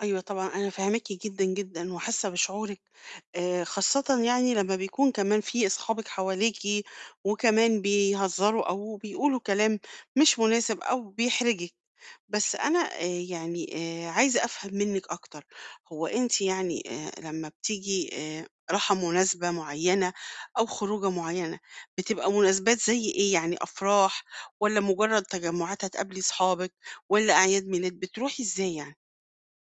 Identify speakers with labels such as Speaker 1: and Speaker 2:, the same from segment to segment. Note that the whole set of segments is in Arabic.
Speaker 1: أيوه، طبعًا أنا فاهماكِ جدًا، جدًا، وحاسّة بشعورِك آآ، خاصّةً يعني لمّا بيكون كمان في أصحابك حواليكِ وكمان بيهزروا أو بيقولوا كلام مش مُناسب أو بيحرجِك. بس أنا آآ، يعني آآ، عايزة أفهم منِّك أكتر هو أنتِ يعني آآ، لمّا بتيجي آآ، راحة مُناسبة معيّنة أو خروجة معيّنة بتبقى مُناسبات زي إيه يعني؟ أفراح، والّا مُجرّد تجمُّعات هتقابلي أصحابِك والّا أعياد مِيلاد، بتروحي إزاي يعني؟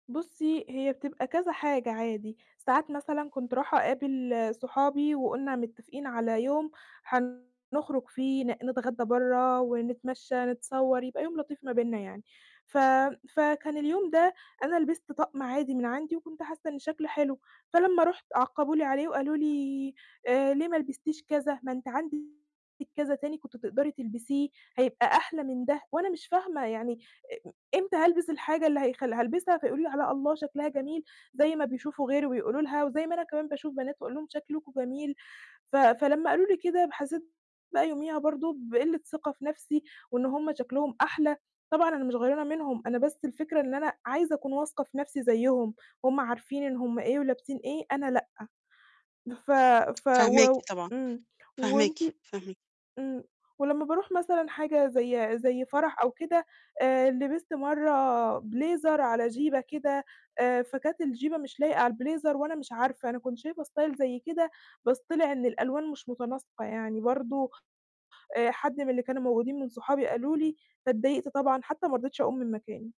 Speaker 2: بُصّي، هي بتبقى كذا حاجة عادي، ساعات مثلًا كنت راحة أقابل صحابي وقُلنا مِتفقين على يوم حنخرُج فيه ن نتغدّى برّا ونتمشى، نتصوّر يبقى يوم لطيف ما بيننا يعني، ف فكان اليوم ده أنا لبِست طَقم عادي من عندي وكنت حاسّة إن شكله حلو، فلمّا رُحت عقَّبوه لي عليه وقالوا لي آآ، ليه ما لبِستيش كذا، ما أنتِ عندِك كذا تاني كنتِ تقدري تلبِسيه هيبقى أحلى من ده وأنا مش فاهمة يعني آآ، م إمتى هالبِس الحاجة اللي هيخلّ هالبِسها فيقولوا لي عليها الله شكلها جميل، زي ما بيشوفوا غيري وبيقولوا لها وزي ما أنا كمان باشوف بنات وأقول لهم شكلكم جميل، ف فلمّا قالوا لي كده ب حسّيت بقى يوميها برضه بقلِّة ثِقة في نَفْسي وإن هُم شكلهم أحلى. طبعًا أنا مش غَيرانة منهم أنا بس الفكرة إن أنا عايزة أكون واثقة في نَفْسي زيّهم، هُم عارفين إن هُم إيه ولابِسين إيه أنا لأ. بف ف و
Speaker 1: فاهماكِ
Speaker 2: و
Speaker 1: طبعًا،
Speaker 2: إمم
Speaker 1: فاهماكِ،
Speaker 2: وأنتِ
Speaker 1: فاهم
Speaker 2: إمم. ولمّا باروح مثلًا حاجة زي زي فرح أو كده آآ، لبِست مرّة بليزر على جيبَة كده آآ فكانت الجيبَة مش لايقة على البليزر وأنا مش عارفة أنا كنت شايفة style زي كده بس طلع إن الألوان مش مُتناسقة يعني برضه آآ، حد من اللي كانوا موجودين من صحابي قالوا لي، فاتضّايقت طبعًا حتى ما رضيتش أقوم من مكاني.